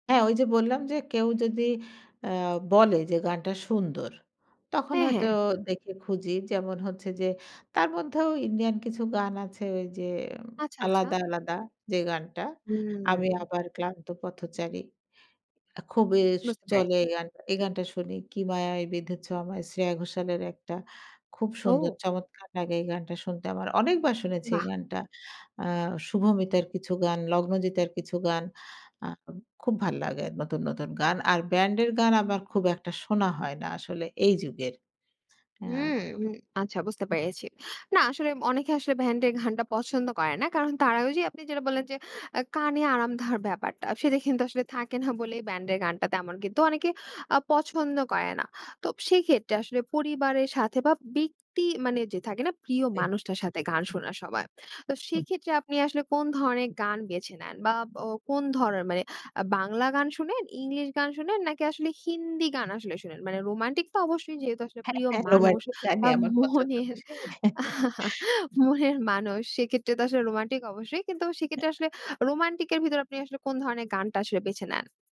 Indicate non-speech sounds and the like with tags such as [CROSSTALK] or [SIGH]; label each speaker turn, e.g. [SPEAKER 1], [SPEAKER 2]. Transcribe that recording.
[SPEAKER 1] হ্যাঁ ঐ যে বললাম যে কেউ যদি আ বলে যে গানটা সুন্দর। তখন
[SPEAKER 2] হ্যাঁ,
[SPEAKER 1] হয়তো
[SPEAKER 2] হ্যাঁ।
[SPEAKER 1] দেখে খুঁজি যেমন হচ্ছে যে, তার মধ্যেও ইন্ডিয়ান কিছু গান আছে ঐ যে
[SPEAKER 2] আচ্ছা, আচ্ছা।
[SPEAKER 1] আলাদা, আলাদা যে গানটা 'আমি
[SPEAKER 2] হুম।
[SPEAKER 1] আবার ক্লান্ত পথচারী' আ খুবই
[SPEAKER 2] বুঝতে
[SPEAKER 1] চলে
[SPEAKER 2] পেরেছি।
[SPEAKER 1] এই গানটা এই গানটা শুনি 'কি মায়ায় বেধেছ আমায়' শ্রেয়া ঘোষালের একটা খুব সুন্দর
[SPEAKER 2] ও!
[SPEAKER 1] চমৎকার লাগে এই গানটা শুনতে। আমার অনেকবার শুনেছি এই
[SPEAKER 2] বাহ!
[SPEAKER 1] গানটা আ শুভমিতার কিছু গান লগ্নজিতার কিছু গান আ খুব ভাল লাগে নতুন, নতুন গান। আর ব্যান্ডের গান আমার খুব একটা শোনা হয় না আসলে এই যুগের। হ্যাঁ।
[SPEAKER 2] হুম, হু, আচ্ছা বুঝতে পেরেছি। না আসলে অনেকে আসলে ব্যান্ড এর গানটা পছন্দ করে না। কারণ তারা ঐযে আপনি যেটা বললেন যে আ কানে আরাম দেওয়ার ব্যাপারটা সেটা কিন্তু আসলে থাকে না বলেই ব্যান্ড এর গানটা তেমন কিন্তু অনেকে আ পছন্দ করে না। তো সেই ক্ষেত্রে আসলে পরিবারের সাথে বা ব্যাক্তি মানে যে থাকে না প্রিয়
[SPEAKER 1] জি।
[SPEAKER 2] মানুষটার সাথে গান শোনা সবাই। তো সেক্ষেত্রে আপনি আসলে কোন ধরনের গান বেছে নেন বা ও কোন ধরনের? আ মানে বাংলা গান শোনেন, ইংলিশ গান শোনেন, নাকি আসলে হিন্দি গান আসলে শোনেন? মানে রোমান্টিক তো অবশ্যই যেহেতু আসলে
[SPEAKER 1] হ্যাঁ,
[SPEAKER 2] প্রিয়
[SPEAKER 1] হ্যাঁ,
[SPEAKER 2] মানুষ
[SPEAKER 1] রোমান্টিকই গান
[SPEAKER 2] বা
[SPEAKER 1] আমার পছন্দ
[SPEAKER 2] মনের
[SPEAKER 1] আসে
[SPEAKER 2] [CHUCKLES]
[SPEAKER 1] [CHUCKLES]
[SPEAKER 2] মনের মানুষ সেক্ষেত্রে তো আসলে রোমান্টিক অবশ্যই। কিন্তু সেক্ষেত্রে আসলে
[SPEAKER 1] [UNINTELLIGIBLE]
[SPEAKER 2] রোমান্টিক এর ভিতরে আপনি আসলে কোন ধরনের গানটা আসলে বেছে নেন?